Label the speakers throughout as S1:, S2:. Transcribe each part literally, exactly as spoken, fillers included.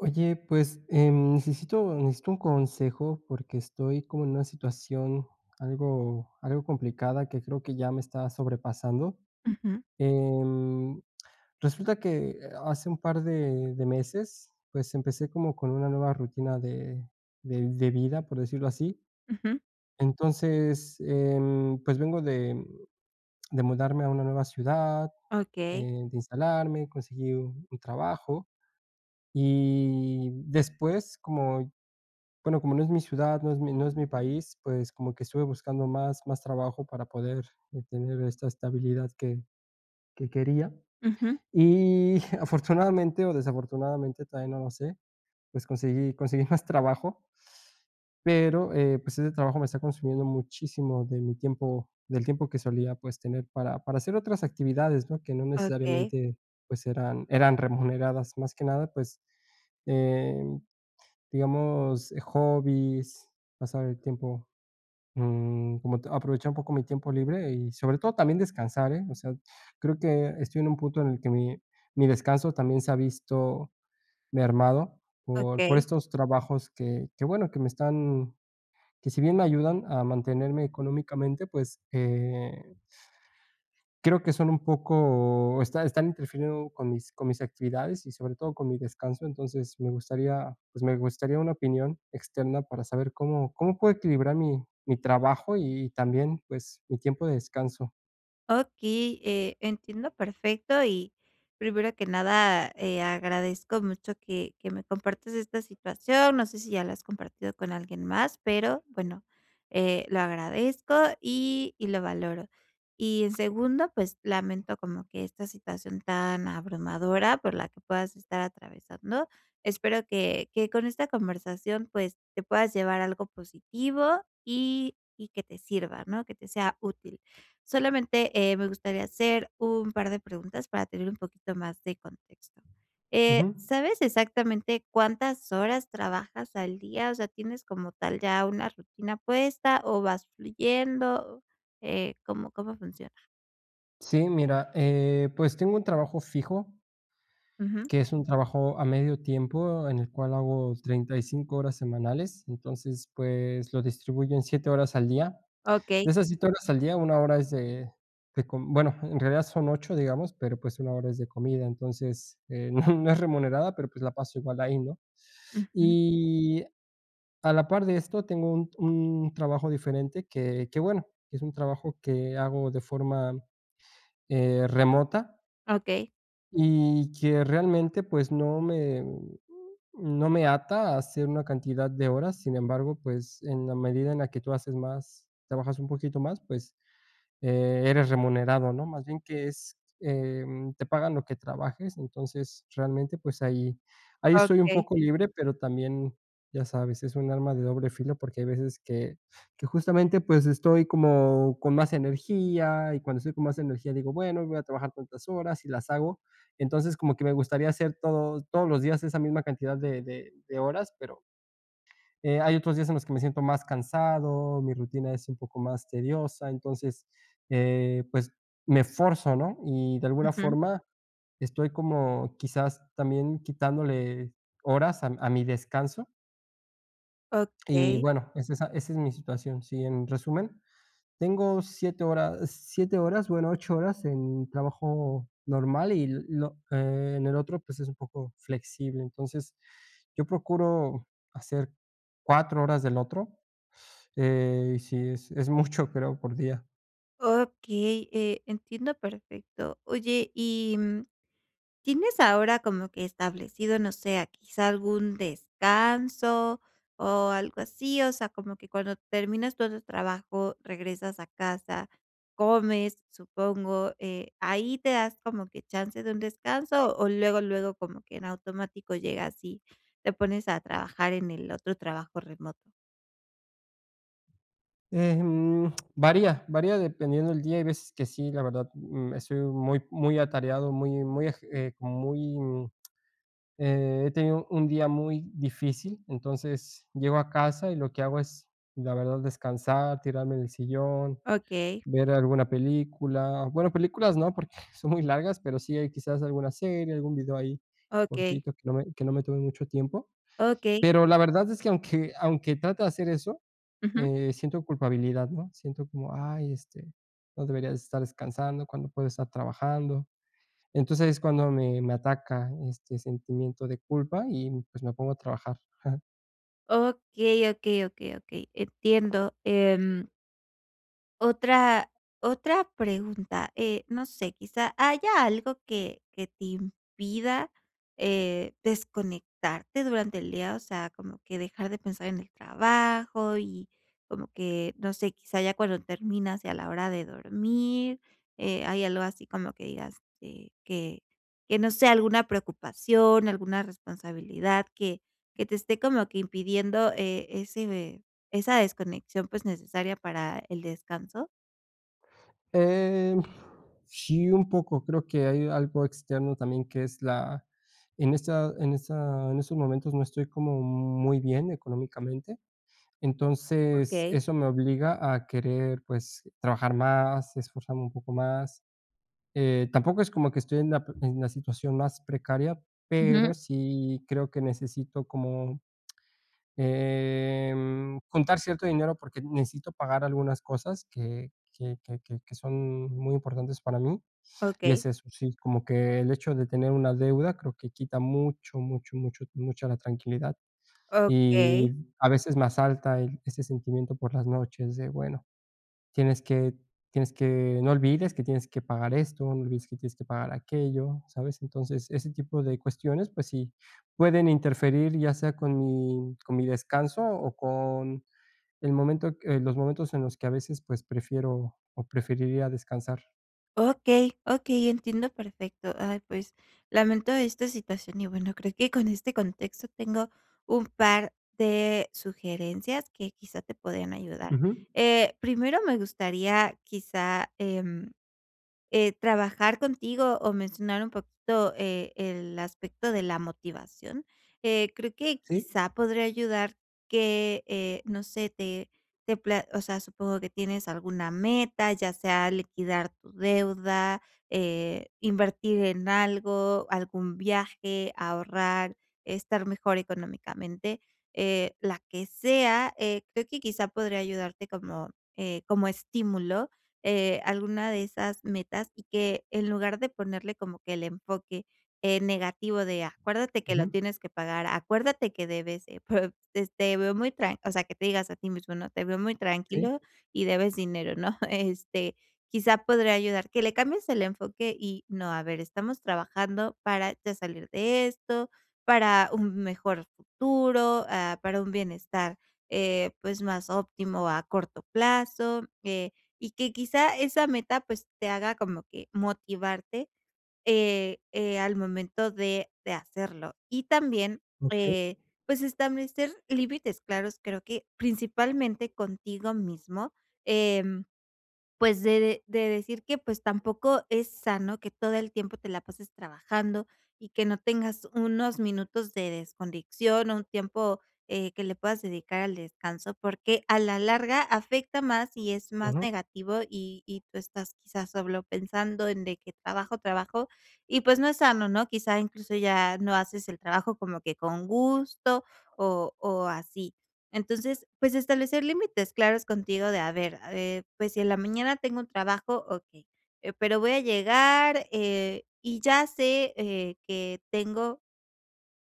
S1: Oye, pues, em, necesito necesito un consejo porque estoy como en una situación algo algo complicada que creo que ya me está sobrepasando,
S2: Ujú.
S1: em, resulta que hace un par de de meses, pues, empecé como con una nueva rutina de de de vida, por decirlo así.
S2: Ujú.
S1: Entonces, em, pues, vengo de, mm, de mudarme a una nueva ciudad,
S2: Okey.
S1: eh, de instalarme, conseguí u un trabajo, y después como, bueno, como no es mi ciudad, no es mi no es mi país, pues, como que estuve buscando más más trabajo para poder tener esta estabilidad que que quería,
S2: Ujú.
S1: y afortunadamente, o desafortunadamente, todavía no lo sé, pues, conseguí conseguí más trabajo pero, eh, pues, ese trabajo me está consumiendo muchísimo de mi tiempo del tiempo que solía, pues, tener para para hacer otras actividades, ¿no?, que no
S2: Okey.
S1: necesariamente, pues, eran eran remuneradas más que nada, pues, em, digamos, hobbies, pasar el tiempo, mm, como te aprovechar un poco mi tiempo libre y sobre todo también descansar, eh, o sea, creo que estoy en un punto en el que mi mi descanso también se ha visto mermado, por por
S2: Okey.
S1: estos trabajos que que, bueno, que me están, que si bien me ayudan a mantenerme económicamente, pues, eh creo que son un poco está están interfiriendo con mis con mis actividades y sobre todo con mi descanso, entonces, me gustaría, pues, me gustaría una opinión externa para saber cómo cómo puedo equilibrar mi mi trabajo y y también, pues, mi tiempo de descanso.
S2: Okey, eh, entiendo perfecto y primero que nada, eh, agradezco mucho que que me compartas esta situación, no sé si ya la has compartido con alguien más, pero bueno, eh, lo agradezco y y lo valoro, y en segundo, pues, lamento como que esta situación tan abrumadora por la que puedas estar atravesando, espero que que con esta conversación, pues, te puedas llevar a algo positivo y y que te sirva, ¿no?, que te sea útil. Solamente, eh, me gustaría hacer un par de preguntas para tener un poquito más de contexto, eh,
S1: Ujú.
S2: ¿sabes exactamente cuántas horas trabajas al día?, o sea, ¿tienes como tal ya una rutina puesta o vas fluyendo?, eh, ¿cómo cómo funciona?
S1: Sí, mira, eh, pues tengo un trabajo fijo
S2: Ujú.
S1: que es un trabajo a medio tiempo, en el cual hago treinta y cinco horas semanales, entonces, pues, lo distribuyo en siete horas al día,
S2: Okey.
S1: de esas siete horas al día, una hora es de de com bueno, en realidad son ocho digamos, pero, pues, una hora es de comida, entonces, eh, no no es remunerada, pero, pues, la paso igual ahí, ¿no?,
S2: Ujú.
S1: y a la par de esto tengo un un trabajo diferente que que, bueno, que es un trabajo que hago de forma, eh, remota
S2: Okey.
S1: y que, realmente, pues, no me, mm, no me ata a hacer una cantidad de horas, sin embargo, pues, en la medida en la que tú haces más, trabajas un poquito más, pues, eh, eres remunerado, ¿no?, más bien que es, em, te pagan lo que trabajes, entonces realmente, pues, ahí ahí soy un
S2: Okey.
S1: poco libre, pero también, ya sabes, es un arma de doble filo porque hay veces que que justamente, pues, estoy como con más energía y cuando estoy con más energía digo, bueno, voy a trabajar tantas horas y las hago, entonces, como que me gustaría hacer todo todos los días esa misma cantidad de de de horas pero eh, hay otros días en los que me siento más cansado, mi rutina es un poco más tediosa, entonces, eh, pues, me forzo, ¿no?, y de alguna
S2: Ujú.
S1: forma estoy como, quizás, también quitándole horas a mi a mi descanso. Y
S2: Okey.
S1: bueno, es esa esa es mi situación, sí, en resumen, tengo siete horas, siete horas, bueno, ocho horas en trabajo normal y l lo, eh, en el otro, pues, es un poco flexible, entonces, yo procuro hacer cuatro horas del otro, eh, y sí, es es mucho, creo, por día.
S2: Okey, eh, entiendo perfecto. Oye, y, mm, ¿tienes ahora como que establecido, no sé, quizá algún descanso o algo así? O sea, como que cuando terminas todo el trabajo regresas a casa, comes, supongo, eh, ¿ahí te das como que chance de un descanso o luego, luego como que en automático llega así, te pones a trabajar en el otro trabajo remoto?
S1: Em, varía, varía dependiendo el día, hay veces que sí, la verdad, mm, estoy muy, muy atareado, muy muy agi eh, como muy, eh, he tenido un día muy difícil, entonces llego a casa y lo que hago es la verdad descansar, tirarme en el sillón,
S2: Okey.
S1: ver alguna película, bueno películas no, porque son muy largas, pero sí hay quizás alguna serie, algún vídeo ahí
S2: Okey.
S1: cortito que no me que no me tome mucho tiempo.
S2: Okey.
S1: Pero, la verdad es que aunque aunque trate de hacer eso,
S2: Ujú.
S1: eh, siento culpabilidad, ¿no?, siento como ay, este, no debería estar descansando cuando puedo estar trabajando. Entonces, es cuando me me ataca este sentimiento de culpa y, pues, me pongo a trabajar.
S2: Okey, okey, okey, okey, entiendo. Em otra otra pregunta, eh, no sé, quizá, ¿haya algo que que te impida, eh, desconectarte durante el día, o sea, como que dejar de pensar en el trabajo y como que, no sé, quizá ya cuando terminas y a la hora de dormir, eh, ¿hay algo así como que digas este, que que no sé alguna preocupación, alguna responsabilidad que que te esté como que impidiendo eh, ese ve esa desconexión, pues, necesaria para el descanso?
S1: Eh, sí, un poco, creo que hay algo externo también que es la en esta en esta, en estos momentos no estoy como muy bien económicamente, entonces
S2: Okey.
S1: eso me obliga a querer, pues, trabajar más, esforzarme un poco más. Eh, tampoco es como que estoy en la en la situación más precaria, pero
S2: Ujú.
S1: sí creo que necesito como, em, contar cierto dinero porque necesito pagar algunas cosas que que que que son muy importantes para mí, y
S2: Okey.
S1: es eso, sí, como que el hecho de tener una deuda creo que quita mucho, mucho, mucho, mucha la tranquilidad, y
S2: Okey.
S1: a veces me asalta el, ese sentimiento por las noches de, bueno, tienes que tienes que, no olvides que tienes que pagar esto, no olvides que tienes que pagar aquello, ¿sabes? Entonces ese tipo de cuestiones, pues sí, pueden interferir ya sea con mi con mi descanso o con el momento, eh, los momentos en los que a veces pues prefiero o preferiría descansar.
S2: Okey, okey, entiendo perfecto. Ay, pues, lamento esta situación, y bueno, creo que con este contexto tengo un par de sugerencias que quizá te podrían ayudar.
S1: Ujú.
S2: Eh, primero, me gustaría quizá, em, eh, trabajar contigo o mencionar un poquito, eh, el aspecto de la motivación. Eh, creo que,
S1: ¿Sí?
S2: quizá podría ayudar que, eh, no sé, te te pla o sea, supongo que tienes alguna meta, ya sea liquidar tu deuda, eh, invertir en algo, algún viaje, ahorrar, estar mejor económicamente, eh, la que sea. Eh, creo que quizá podría ayudarte como, eh, como estímulo, eh, alguna de esas metas y que en lugar de ponerle como que el enfoque, eh, negativo de acuérdate que lo
S1: Ujú.
S2: tienes que pagar, acuérdate que debes, eh, pues, este, te veo muy tran o sea, que te digas a ti mismo, ¿no? "Te veo muy
S1: Sí.
S2: tranquilo y debes dinero", ¿no?, este, quizá podría ayudar que le cambies el enfoque y no, a ver, estamos trabajando para ya salir de esto, para un mejor futuro, ah, para un bienestar, eh, pues, más óptimo a corto plazo, eh, y que quizá esa meta, pues, te haga como que motivarte, eh, eh, al momento de de hacerlo. Y también,
S1: Okey.
S2: eh, pues establecer límites claros, creo que principalmente contigo mismo, em, pues, de de de decir que pues, tampoco es sano que todo el tiempo te la pases trabajando y que no tengas unos minutos de desconexión o un tiempo, eh, que le puedas dedicar al descanso, porque a la larga afecta más y es más
S1: Ujú.
S2: negativo y y tú estás quizá solo pensando en de que trabajo, trabajo y pues, no es sano, ¿no? Quizá, incluso ya no haces el trabajo como que con gusto o o así. Entonces, pues, establecer límites claros contigo, de a ver, a ver. Pues, si en la mañana tengo un trabajo, okey, eh, pero voy a llegar, eh, y ya sé, eh, que tengo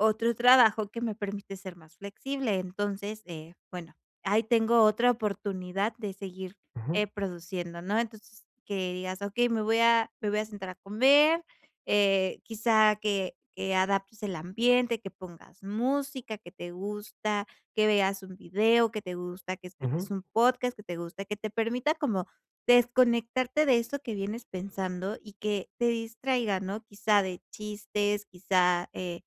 S2: otro trabajo que me permite ser más flexible. Entonces, eh, bueno, ahí tengo otra oportunidad de seguir,
S1: Ujú.
S2: eh, produciendo, ¿no? Entonces, que digas okey, me voy a me voy a sentar a comer, eh quizá que que adaptes el ambiente, que pongas música, que te gusta, que veas un video que te gusta, que escuches
S1: Ujú.
S2: un podcast que te gusta, que te permita como desconectarte de eso que vienes pensando y que te distraiga, ¿no? Quizá de chistes, quizá, eh,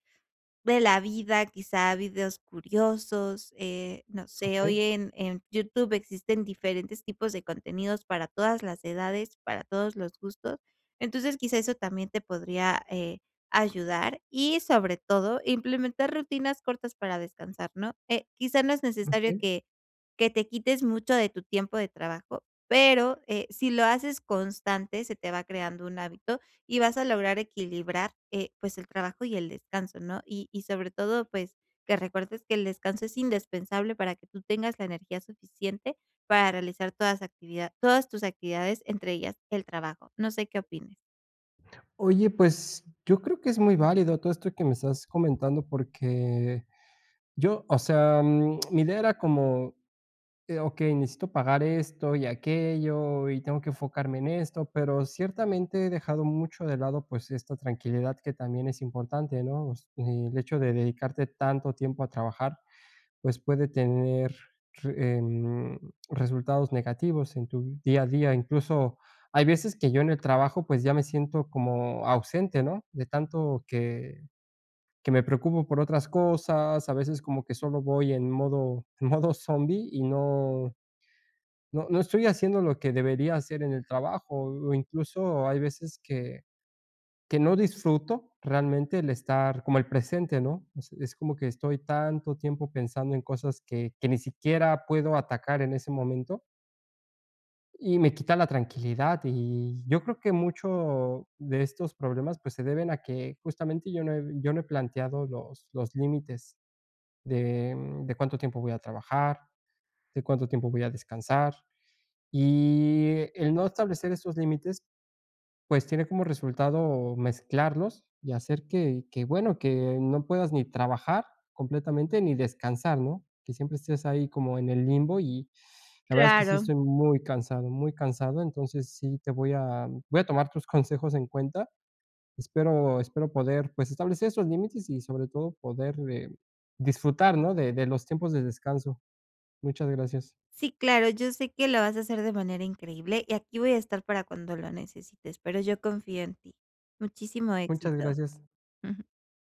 S2: de la vida, quizá videos curiosos, eh, no sé. Hoy
S1: Okey.
S2: en en YouTube existen diferentes tipos de contenidos para todas las edades, para todos los gustos. Entonces, quizá eso también te podría, eh, ayudar y sobre todo implementar rutinas cortas para descansar, ¿no? Eh, quizá no es necesario
S1: Okey.
S2: que que te quites mucho de tu tiempo de trabajo, pero, eh, si lo haces constante, se te va creando un hábito y vas a lograr equilibrar, eh, pues el trabajo y el descanso, ¿no?, y y sobre todo, pues, que recuerdes que el descanso es indespensable para que tú tengas la energía suficiente para realizar toda esa actividad todas tus actividades, entre ellas, el trabajo. No sé qué opines.
S1: Oye, pues, yo creo que es muy válido todo esto que me estás comentando porque yo, o sea, mi idea era como eh, okey, necesito pagar esto y aquello, y tengo que enfocarme en esto, pero ciertamente he dejado mucho de lado, pues, esta tranquilidad que también es importante, ¿no?, o sea, el hecho de dedicarte tanto tiempo a trabajar, pues, puede tener re em, resultados negativos en tu día a día. Incluso hay veces que yo en el trabajo pues ya me siento como ausente ¿no?, de tanto que que me preocupo por otras cosas, a veces como que solo voy en modo en modo zombie y no no no estoy haciendo lo que debería hacer en el trabajo o incluso hay veces que, que no disfruto realmente el estar como el presente, ¿no?, es es como que estoy tanto tiempo pensando en cosas que que ni siquiera puedo atacar en ese momento. Y me quita la tranquilidad, y yo creo que mucho de estos problemas, pues, se deben a que justamente yo no he yo no he planteado los los límites de, mm, de cuánto tiempo voy a trabajar, de cuánto tiempo voy a descansar. Y el no establecer esos límites, pues, tiene como resultado mezclarlos y hacer que que, bueno, que no puedas ni trabajar completamente, ni descansar, ¿no?, que siempre estés ahí como en el limbo y la verdad es que sí
S2: Claro.
S1: estoy muy cansado, muy cansado, entonces sí te voy a voy a tomar tus consejos en cuenta. Espero espero poder, pues, establecer esos límites y sobre todo poder, eh, disfrutar, ¿no?, de de los tiempos de descanso. Muchas gracias.
S2: Sí, claro, yo sé que lo vas a hacer de manera increíble, y aquí voy a estar para cuando lo necesites, pero yo confío en ti. Muchísimo
S1: Muchas
S2: éxito.
S1: gracias.